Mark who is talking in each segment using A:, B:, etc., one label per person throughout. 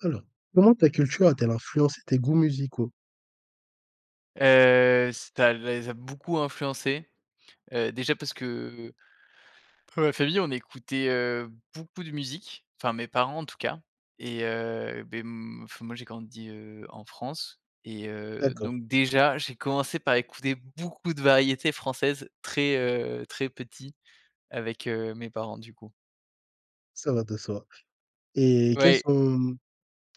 A: Alors, comment ta culture a-t-elle influencé tes goûts musicaux?
B: Heu, ça les a beaucoup influencés, heu, déjà parce que, dans ma famille on écoutait, heu, beaucoup de musique, enfin mes parents en tout cas et heu, beh, m enfin, moi j'ai grandi, heu, en France. Et heu,
A: D'accord.
B: donc déjà, j'ai commencé par écouter beaucoup de variétés françaises très, heu, très petit, avec heu, mes parents du coup.
A: Ça va de soi et quels
B: Ouais.
A: sont,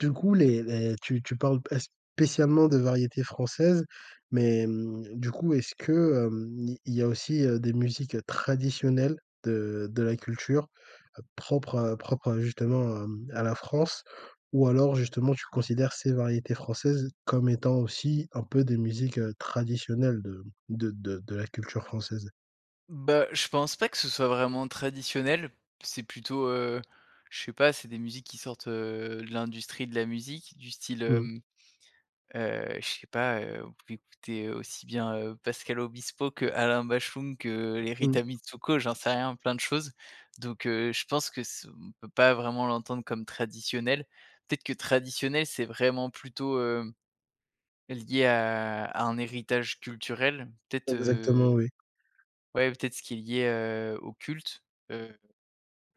A: du coup, les les tu tu parles pas spécialement de variétés françaises, mais mmh, du coup, est-ce que, hem, il y a aussi, heu, des musiques traditionnelles de de la culture propre à propre à justement à mmh, à la France? Ou alors justement, tu considères ces variétés françaises comme étant aussi un peu des musiques, heu, traditionnelles de de de la culture française?
B: Bah, je pense pas que ce soit vraiment traditionnel. C'est plutôt, heu, je sais pas, c'est des musiques qui sortent, heu, de l'industrie de la musique, du style,
A: Mmh.
B: hem, heu, je sais pas, heu, on pouvait écouter aussi bien, heu, Pascal Obispo qu'Alain Bashung que, heu, Les
A: Mmh.
B: Rita Mitsouko, j'en sais rien, plein de choses. Donc heu, je pense que ce on peut pas vraiment l'entendre comme traditionnel. Peut-être que traditionnel, c'est vraiment plutôt, heu, lié à à un héritage culturel, peut-être, heu,
A: Exactement, oui.
B: ouais, peut-être ce qui est lié, heu, au culte. Heu,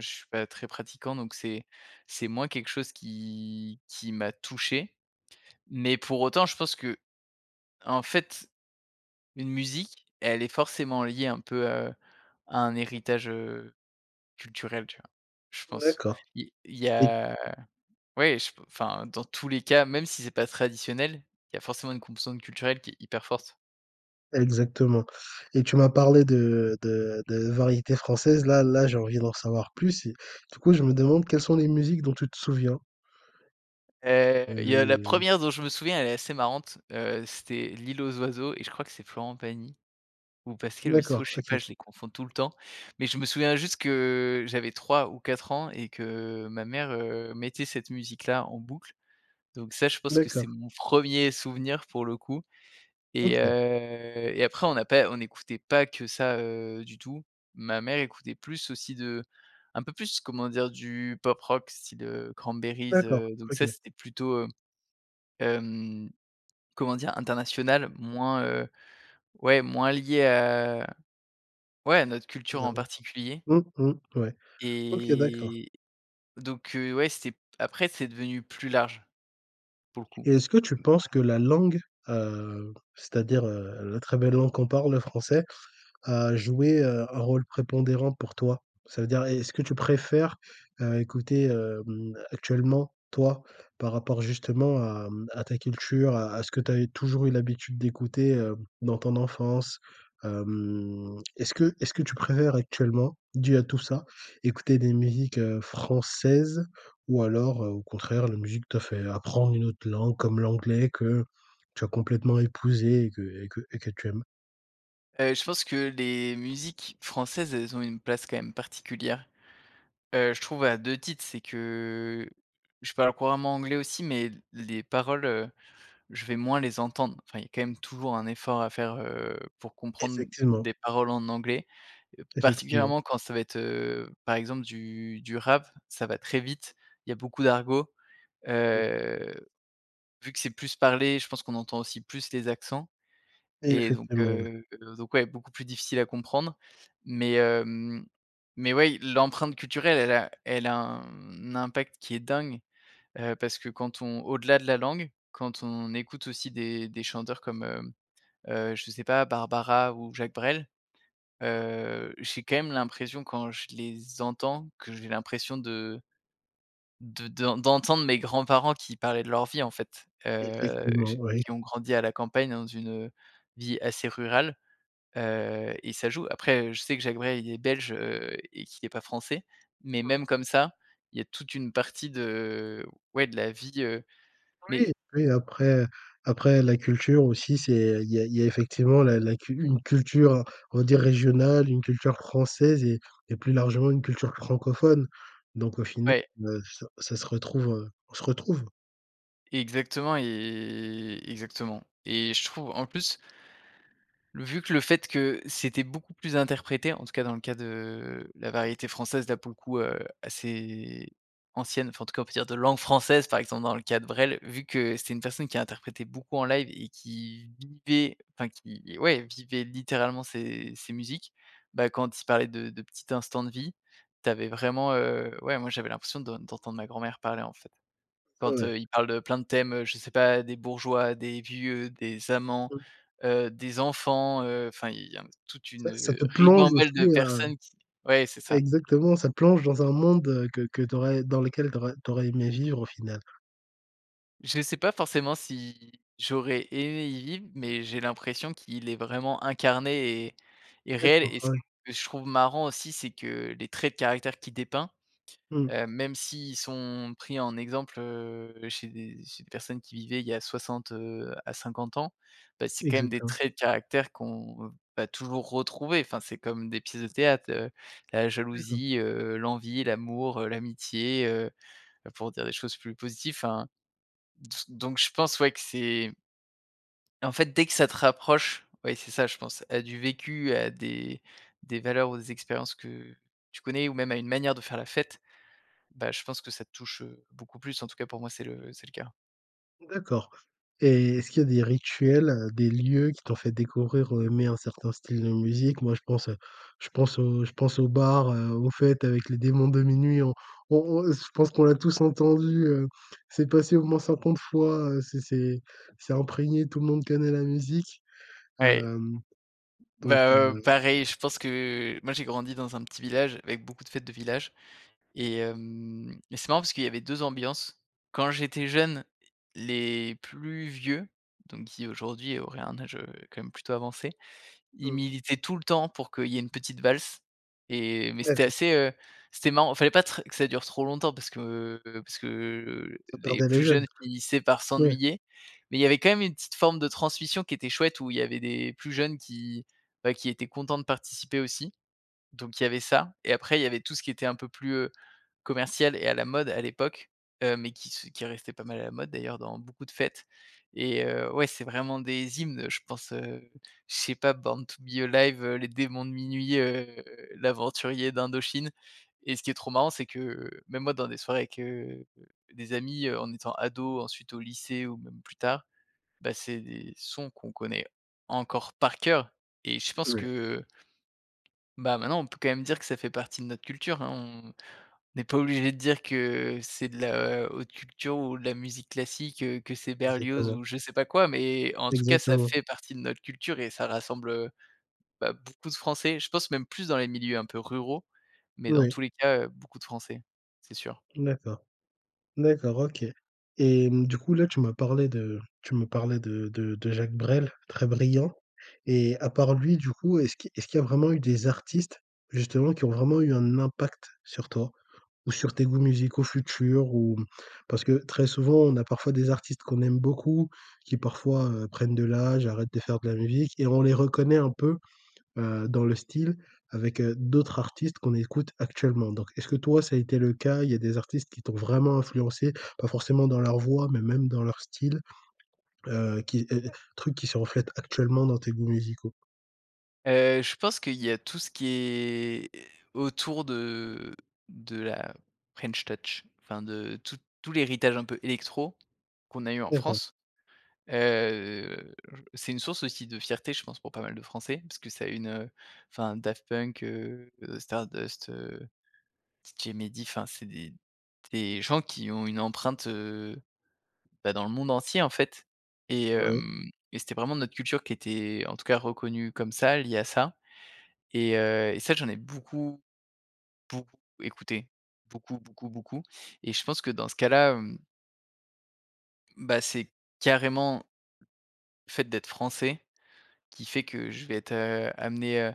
B: je suis pas très pratiquant donc c'est c'est moins quelque chose qui qui m'a touché. Mais pour autant je pense qu'en fait, une musique, elle est forcément liée un peu, heu, à un héritage, heu, culturel, tu vois? Je pense.
A: D'accord,
B: Il il y
A: et
B: a, ouais, je p enfin, dans tous les cas même si c'est pas traditionnel, il y a forcément une composante culturelle qui est hyper forte.
A: Exactement. Et tu m'as parlé de de de variétés françaises, là là, j'ai envie d'en savoir plus et du coup, je me demande quelles sont les musiques dont tu te souviens?
B: Heu, il y a la
A: [unintelligible]
B: 1re dont je me souviens, elle est assez marrante, heu, c'était L'île aux oiseaux et je crois que c'est Florent Pagny ou Pascal
A: D'accord,
B: Obispo, je sais pas,
A: OK.
B: je les confonds tout le temps. Mais je me souviens juste que, j'avais 3 ou 4 ans, et que, ma mère, heu, mettait cette musique-là, en boucle. Donc ça, je pense que c'est
A: D'accord.
B: mon 1er souvenir, pour le coup et
A: OK.
B: heu et après on n'a pas on écoutait pas que ça, heu, du tout. Ma mère écoutait plus aussi de un peu plus, comment dire, du pop rock style, heu, Cranberries,
A: D'accord,
B: heu, donc ça
A: OK.
B: c'était plutôt, heu, hem, comment dire? International, moins, heu, ouais, moins lié à ouais, à notre
A: Heu,
B: culture en
A: d'accord.
B: particulier
A: Mmh mh. Ouais. OK, d'accord.
B: et donc heu, ouais, c'était p après c'est devenu plus large, pour le coup.
A: Et est-ce que tu
B: Mmh.
A: penses que la langue, heu, c'est-à-dire, heu, la très belle langue qu'on parle, le français a joué, heu, un rôle prépondérant pour toi? Ça veut dire, est-ce que tu préfères, heu, écouter, hem, actuellement, toi, par rapport justement à mmh, à ta culture, à à ce que tu as eu toujours eu l'habitude d'écouter, heu, dans ton enfance? Hem, est-ce que est-ce que tu préfères actuellement, dû à tout ça, écouter des musiques, heu, françaises, ou alors, heu, au contraire la musique t'a fait apprendre une autre langue, comme l'anglais, que tu as complètement épousée et que et que et que tu aimes?
B: Heu, je pense que les musiques françaises, elles ont une place quand même particulière. Heu, je trouve à 2 titres, c'est que je parle couramment anglais aussi mais, l les paroles, heu, je vais moins les entendre. Enfin, il y a, quand même, toujours, un effort à faire, heu, pour comprendre
A: Effectivement.
B: des paroles en anglais,
A: Effectivement.
B: particulièrement quand ça va être, heu, par exemple du du rap. Ça va très vite, il y a beaucoup d'argot.
A: [unintelligible]
B: Heu, vu que c'est plus parlé, je pense qu'on entend aussi plus les accents et donc,
A: Effectivement. Ouais.
B: heu, donc ouais, beaucoup plus difficile à comprendre. Mais, hem, mais ouais, l'empreinte culturelle, elle a elle a un impact qui est dingue, heu, parce que quand on au-delà de la langue, quand on écoute aussi des des chanteurs comme, hem, heu, je sais pas, Barbara ou Jacques Brel,
A: [unintelligible]
B: heu, j'ai quand même l'impression quand je les entends, que j'ai l'impression de de d d'entendre mes grands-parents qui parlaient de leur vie, en fait, heu,
A: Effectivement,
B: j
A: ouais.
B: qui ont grandi à la campagne dans une, heu, vie assez rurale, heu et ça joue. Après, heu, je sais que Jacques Brel, il est belge, heu, et qu'il est pas français, mais
A: Mmh.
B: même comme ça, il y a toute une partie de, ouais, de la vie, heu, mais
A: Oui, oui, après après la culture aussi, c'est il y a il y a effectivement la la cu une culture, on dit, régionale, une culture française et et plus largement une culture francophone. Donc au final,
B: Ouais.
A: heu, ça ça se retrouve heu, on se retrouve.
B: Exactement, et exactement. Et je trouve en plus vu que le fait que c'était beaucoup plus interprété, en tout cas, dans le cas de la variété française, là, pour le coup, heu, assez ancienne enfin, en tout cas, on peut dire, de langue française, par exemple, dans le cas de Brel, vu que c'est une personne qui a interprété beaucoup en live et qui vivait enfin qui ouais, vivait littéralement ses ses musiques. Bah, quand il parlait de de petits instants de vie, tu avais vraiment heu, ouais, moi, j'avais l'impression de d'entendre ma grand-mère parler, en fait. Quand
A: Ouais.
B: heu, il parle de plein de thèmes, heu, je sais pas, des bourgeois, des vieux, des amants,
A: Mmh.
B: heu, des enfants, heu, enfin, il y a toute
A: Ça, ça
B: une
A: te plonge
B: ribambelle
A: aussi,
B: de
A: heu
B: personnes qui ouais, c'est ça.
A: exactement ça te plonge dans un monde, heu, que que tu aurais dans lequel tu aurais tu aurais aimé vivre, au final.
B: Je sais pas forcément si j'aurais aimé y vivre, mais j'ai l'impression qu'il est vraiment incarné et et réel.
A: D'accord.
B: Et
A: Ah
B: ce
A: ouais.
B: que je trouve marrant aussi, c'est que, les traits de caractère qu'il dépeint,
A: Mmh.
B: heu, même s'ils sont pris en exemple, heu, chez des chez des personnes qui vivaient il y a 60, heu, à 50 ans, bah, c'est quand même des
A: Exactement.
B: traits de caractère qu'on va toujours retrouver. Enfin, c'est comme des pièces de théâtre, heu, la
A: D'accord.
B: jalousie, heu, l'envie, l'amour, heu, l'amitié, heu, bah, pour dire des choses plus positives. Enfin, d s donc je pense, ouais, que c'est En fait, dès que ça te rapproche oui, c'est ça je pense, à du vécu, à des des valeurs ou des expériences que tu connais ou même à une manière de faire la fête, bah, je pense que ça te touche, heu, beaucoup plus, en tout cas, pour moi c'est le c'est le cas.
A: D'accord. Et est-ce qu'il y a des rituels, heu, des lieux qui t'ont fait découvrir ou aimer un certain style de musique? Moi, je pense heu, je pense au je pense aux bars, heu, aux fêtes avec Les Démons de Minuit en on on on je pense qu'on l'a tous entendu, heu, c'est passé au moins 50 fois, heu, c'est c'est c'est imprégné, tout le monde connaît la musique.
B: Ouais.
A: Hem, donc.
B: Bah, heu,
A: [unintelligible]
B: pareil, je pense que moi, j'ai grandi dans un petit village avec beaucoup de fêtes de village et hem, mais c'est marrant parce qu'il y avait 2 ambiances. Quand j'étais jeune, les plus vieux, donc qui aujourd'hui auraient un âge, heu, quand même, plutôt avancé, ils
A: Mmh.
B: militaient tout le temps pour qu'il y ait une petite valse et mais c'était
A: [unintelligible]
B: assez, heu, c'était marrant. Il fallait pas tr que ça dure trop longtemps parce que, heu, parce que, heu,
A: Ça
B: les
A: perdait les
B: plus
A: jeunes.
B: jeunes, finissaient par
A: Ouais.
B: s'ennuyer. Mais il y avait quand même une petite forme de transmission qui était chouette où il y avait des plus jeunes qui, bah, qui étaient contents de participer aussi. Donc il y avait ça. Et après, il y avait tout ce qui était un peu plus, heu, commercial et à la mode, à l'époque, heu, mais qui se qui restait pas mal à la mode, d'ailleurs, dans beaucoup de fêtes. Et heu, ouais, c'est vraiment des hymnes, je pense, heu, je sais pas, Born To Be Alive, heu, Les Démons de Minuit, heu, L'Aventurier d'Indochine. Et ce qui est trop marrant, c'est que, même moi, dans des soirées avec, heu, des amis, heu, en étant ado, ensuite au lycée ou même plus tard, bah, c'est des sons qu'on connaît encore par coeur. Et je pense
A: Ouais.
B: que bah, maintenant, on peut quand même dire que ça fait partie de notre culture hein. On on n'est pas obligés de dire que c'est de la haute culture ou de la musique classique, heu, que c'est Berlioz
A: Exactement.
B: ou je sais pas quoi, mais en tout cas, ça
A: Exactement.
B: fait partie de notre culture et ça rassemble, heu, bah, beaucoup de Français, je pense même plus dans les milieux un peu ruraux, mais dans
A: Ouais.
B: tous les cas, heu, beaucoup de Français, c'est sûr.
A: D'accord. D'accord, OK. Et hem, du coup, là, tu m'as parlé de tu me parlais de de de Jacques Brel, très brillant. Et à part lui, du coup, est-ce qui est-ce qu'il y a vraiment eu des artistes, justement, qui ont vraiment eu un impact sur toi ou sur tes goûts musicaux futurs ou? Parce que très souvent, on a parfois des artistes qu'on aime beaucoup, qui parfois, heu, prennent de l'âge, arrêtent de faire de la musique et on les reconnaît un peu, heu, dans le style avec, heu, d'autres artistes qu'on écoute actuellement. Donc, est-ce que toi, ça a été le cas? Il y a des artistes qui t'ont vraiment influencé, pas forcément dans leur voix, mais même dans leur style? Heu, qui et et
B: [unintelligible]
A: trucs qui se reflètent actuellement dans tes goûts musicaux?
B: Heu, je pense qu'il y a tout ce qui est autour de de la French touch, enfin de tout tout l'héritage un peu électro, qu'on a eu en
A: D'accord.
B: France. Heu, j c'est une source aussi de fierté, je pense, pour pas mal de français, parce que ça a eu une enfin Daft Punk, heu, Stardust, heu, DJ Mehdi enfin c'est des des gens qui ont une empreinte, heu, bah, dans le monde entier, en fait. Et
A: Ouais.
B: hem et c'était vraiment notre culture qui était, en tout cas, reconnue comme ça, liée à ça. Et heu et ça j'en ai beaucoup, beaucoup écouté, beaucoup, beaucoup, beaucoup et je pense que dans ce cas-là, hem bah c'est carrément le fait d'être français, qui fait que je vais être, heu, amené, heu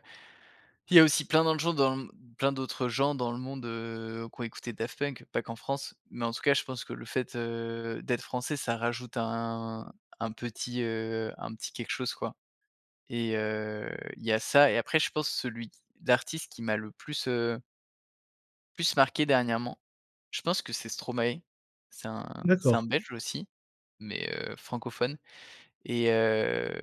B: il y a aussi plein dans de gens dans plein d'autres gens dans le monde, heu, qui ont écouté Daft Punk, pas qu'en France. Mais en tout cas je pense que le fait, heu, d'être français ça rajoute un un petit, heu, un petit quelque chose, quoi. Et heu, il y a ça, et après je pense celui qui d'artiste qui m'a le plus, heu plus marqué dernièrement. Je pense que c'est Stromae, c'est un c'est
A: D'accord.
B: un belge aussi, mais, heu, francophone. Et heu,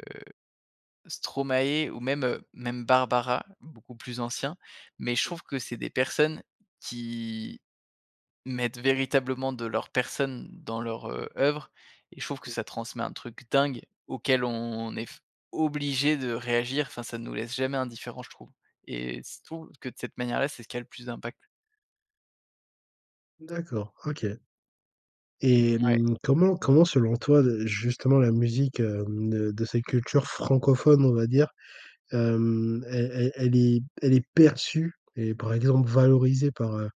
B: Stromae ou même, heu, même Barbara, beaucoup plus ancien. Mais je
A: [unintelligible]
B: trouve que c'est des personnes qui mettent véritablement de leur personne dans leur, heu, œuvre, et je trouve que
A: [unintelligible]
B: ça transmet un truc dingue, auquel on est f obligé de réagir, enfin ça nous laisse jamais indifférent je trouve et je trouve que de cette manière-là, c'est ce qui a le plus d'impact.
A: D'accord, OK. Et
B: Mmh ouais.
A: hem, comment comment selon toi, heu, justement la musique, hem, de de cette culture francophone on va dire, hem, elle elle elle est elle est perçue et par exemple valorisée par, heu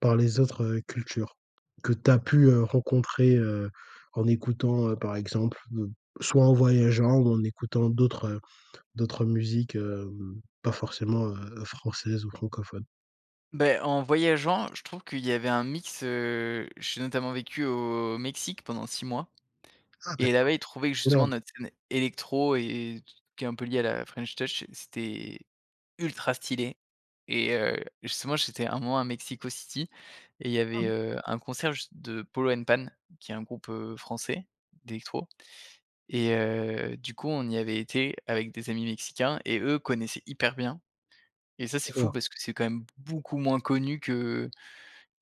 A: par les autres, heu, cultures, que tu as pu, heu, rencontrer, heu, en écoutant heu, par exemple, donc soit en voyageant ou en écoutant d'autres heu d'autres musiques, hem, pas forcément, heu, françaises ou francophones?
B: Bah, en voyageant, je trouve qu'il y avait un mix, heu, j'ai notamment vécu au Mexique pendant 6 mois
A: Ah,
B: et
A: d'accord.
B: là-bas ils trouvaient que justement
A: Énorme!
B: notre scène électro et qui est un peu liée à la French touch c'était, ultra stylé. Et heu, justement j'étais 1 mois à Mexico City et il y avait, heu, un concert juste de Polo& Pan, qui est un groupe, heu, français, d'électro. Et, heu, du coup, on y avait été avec des amis mexicains et eux connaissaient hyper bien. Et ça c'est fou
A: D'accord.
B: parce que c'est quand même beaucoup moins connu que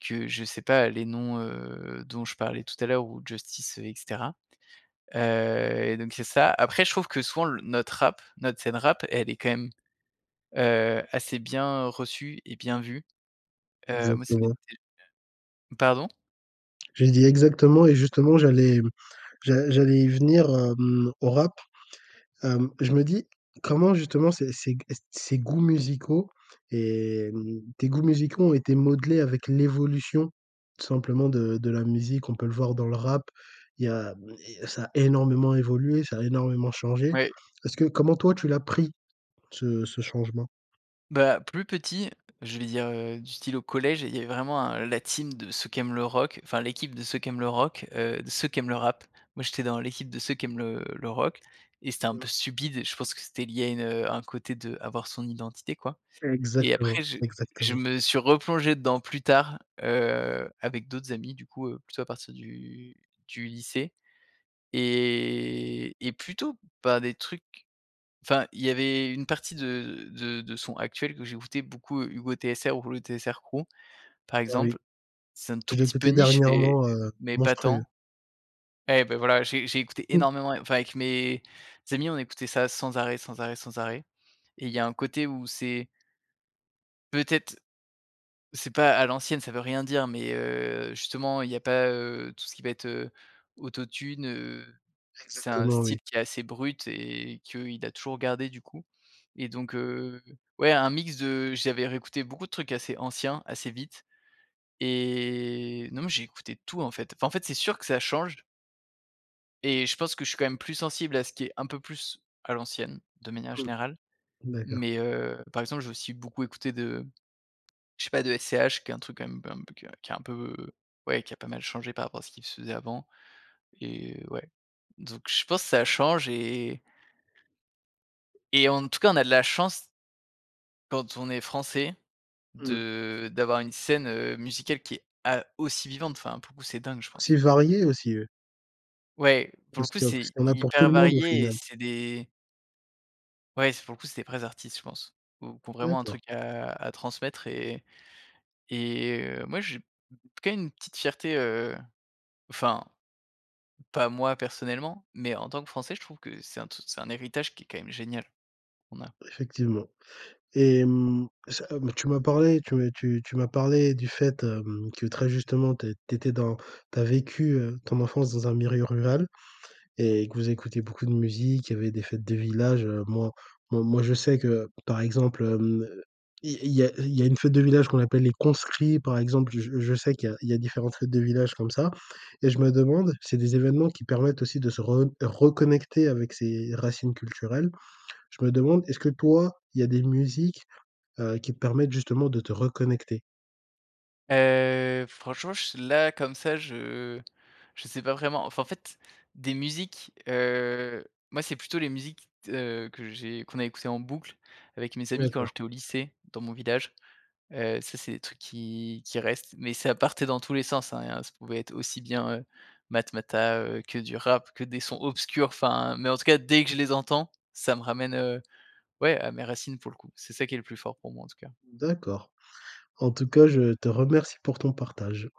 B: que, je sais pas les noms, heu, dont je parlais tout à l'heure ou Justice et cetera. Heu, et donc c'est ça après je trouve que souvent notre rap, notre scène rap, elle est quand même, heu, assez bien reçue et bien vue. Heu, moi c'est
A: Exactement.
B: [unintelligible] pardon?
A: Je lui ai dit: «Exactement!» et justement, j'allais, hem, j'a j'allais y venir, hem, au Rap. Hem, je me dis, comment justement ces ces g heu, ces goûts musicaux et, hem, tes goûts musicaux ont été modelés avec l'évolution tout simplement de de la musique? On peut le voir dans le Rap, il y a hem, i ça a énormément évolué, ça a énormément changé.
B: Ouais.
A: Est-ce que comment toi tu l'as pris ce ce changement?
B: Bah, plus petit, je vais dire, heu, du style au collège, il y avait vraiment, un la team de ceux qui aiment le rock, enfin l'équipe de ceux qui aiment le rock, heu, de ceux qui aiment le rap. Moi, j'étais dans l'équipe de ceux qui aiment le le rock. Et c'était un peu stupide et je pense que c'était lié à une heu un côté d'avoir son identité quoi. Et
A: Exactement,
B: après je je
A: exactement.
B: me suis replongé dedans plus tard, heu, avec d'autres amis du coup, heu, plutôt à partir du du lycée, et et plutôt par des trucs enfin il y avait une partie de de de de sons actuels que j'écoutais beaucoup: Hugo TSR, ou le TSR crew, par
A: Ah oui.
B: exemple. C'est un tout
A: Je l'ai
B: petit peu
A: écouté
B: niche mais,
A: dernièrement,
B: heu,
A: heu,
B: mais pas
A: monstrueux.
B: tant. Et bah voilà, j'ai j'ai écouté énormément, a enfin avec mes amis, on écoutait ça sans arrêt, sans arrêt, sans arrêt. Et il y a un côté où c'est peut-être, c'est pas à l'ancienne, ça veut rien dire, mais, heu, justement, il y a pas, heu, tout ce qui va être, heu, Auto-Tune, heu, c'est un
A: Exactement
B: style
A: oui.
B: qui est assez brut et qu'il a toujours gardé du coup. Et donc, heu, ouais un mix de j'avais réécouté beaucoup de trucs assez anciens, assez vite, et non, mais j'ai écouté de tout en fait, enfin en fait c'est sûr que ça change. Et je pense que je suis quand même plus sensible, à ce qui est un peu plus à l'ancienne, de manière
A: Mmh.
B: générale,
A: D'accord.
B: mais, heu, par exemple, j'ai aussi beaucoup écouté de je sais pas de SCH qui est un truc quand même, un peu que qui a un peu ouais qui a pas mal changé, par rapport à ce qu'il se faisait avant, et heu, ouais donc je pense ça change et et en tout cas on a de la chance quand on est français
A: Mmh mh.
B: de d'avoir une scène, heu, musicale qui est a aussi vivante, enfin pour le coup c'est dingue je
A: C'est
B: pense.
A: varié aussi, eux.
B: Ouais, pour le
A: Parce
B: coup
A: qu'il y a parce
B: c'est
A: qu'il y en a pour tout
B: hyper
A: le monde au
B: varié et
A: final.
B: c'est des Ouais, c'est pour le coup c'est des vrais artistes, je pense, ou qui ont vraiment un
A: D'accord.
B: truc à à transmettre et et, heu, moi, j'ai quand même une petite fierté, heu, enfin, pas moi personnellement, mais en tant que français je trouve que c'est un t c'est un héritage qui est quand même génial, qu'on a.
A: Effectivement. Et hem, ça, hem, tu m'as parlé tu, heu, tu tu m'as parlé du fait, hem, que très justement tu as tu étais dans tu as vécu, heu, ton enfance dans un milieu rural et que vous écoutez beaucoup de musique. Il y avait des fêtes de village, heu. Moi moi moi, je sais que par exemple, hem, il y il y a il y a une fête de village qu'on appelle «les conscrits,» par exemple, je je sais qu'il y a il y a différentes fêtes de village comme ça et je me demande c'est des événements qui permettent aussi, de se re reconnecter avec ses racines culturelles. Je me demande est-ce que toi, il y a des musiques, heu, qui te permettent justement de te reconnecter?
B: Heu, franchement, je s là comme ça, je je sais pas vraiment. Enfin en fait, des musiques heu, moi, c'est plutôt les musiques, t heu, que j'ai qu'on a écoutées en boucle, avec mes amis quand
A: D'accord.
B: j'étais au lycée, dans mon village, heu, ça c'est des trucs qui qui restent. Mais ça partait dans tous les sens, hein, ça pouvait être aussi bien, heu, Matmatah, heu, que du rap que des sons obscurs enfin mais en tout cas dès que je les entends, ça me ramène heu, ouais, à mes racines pour le coup. C'est ça qui est le plus fort pour moi en tout cas.
A: D'accord. En tout cas je te remercie pour ton partage.